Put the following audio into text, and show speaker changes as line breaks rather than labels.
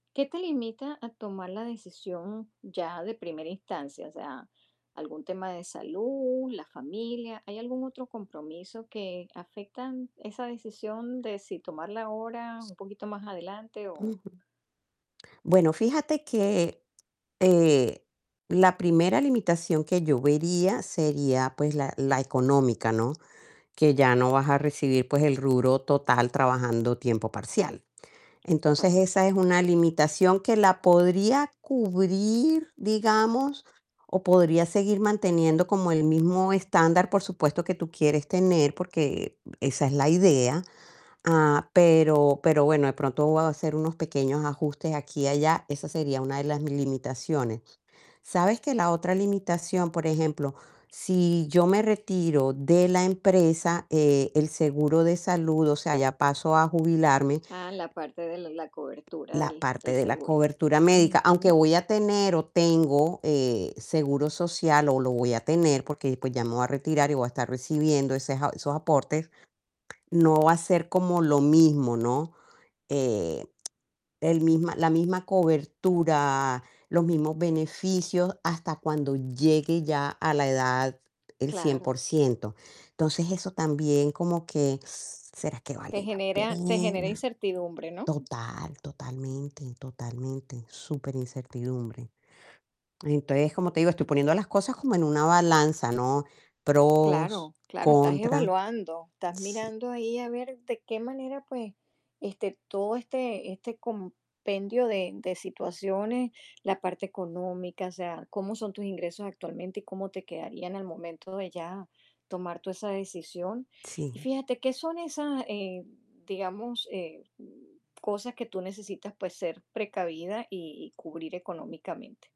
¿Qué te limita a tomar la decisión ya de primera instancia? O sea, algún tema de salud, la familia, ¿hay algún otro compromiso que afectan esa decisión de si tomarla ahora un poquito más adelante o?
Ujú. Bueno, fíjate que, eh, la primera limitación que yo vería sería, pues, la la económica, ¿no? Que ya no vas a recibir pues el rubro total trabajando tiempo parcial. Entonces
Correcto.
esa es una limitación que la podría cubrir, digamos, o podría seguir manteniendo como el mismo estándar, por supuesto, que tú quieres tener, porque, eh, esa es la idea, ah, pero pero bueno, de pronto voy a hacer unos pequeños ajustes aquí y allá, esa sería una de las mi limitaciones. Sabes que la otra limitación, por ejemplo, si yo me retiro de la empresa, eh, el seguro de salud, o sea, ya paso a jubilarme
Ah, la parte de la la cobertura
la
del
parte
del
de la
seguro.
cobertura médica, aunque
Ujú.
voy a tener o tengo, eh, seguro social, o lo voy a tener, porque después ya me voy a retirar y voy a estar recibiendo ese s a esos aportes, no va a ser como lo mismo, ¿no? Eh, el misma la misma cobertura, los mismos beneficios, hasta cuando llegue ya a la edad el cien por
Claro.
ciento. Entonces, eso también, como que, ¿será que
Te
vale la
genera te genera
pena?
incertidumbre, ¿no?
Total, totalmente, totalmente, superincertidumbre. Entonces, como te digo, estoy poniendo las cosas como en una balanza, ¿no? Pros,
Claro, claro, estás
contra.
evaluando, estás
Sí.
mirando ahí a ver de qué manera, pues, este, todo este este compendio de de situaciones, la parte económica, o sea, cómo son tus ingresos actualmente y cómo te quedarían al momento de ya tomar tú esa decisión. Y
Sí.
fíjate, ¿qué son esas, eh, digamos, eh, mm, cosas que tú necesitas, pues ser precavida y y cubrir económicamente?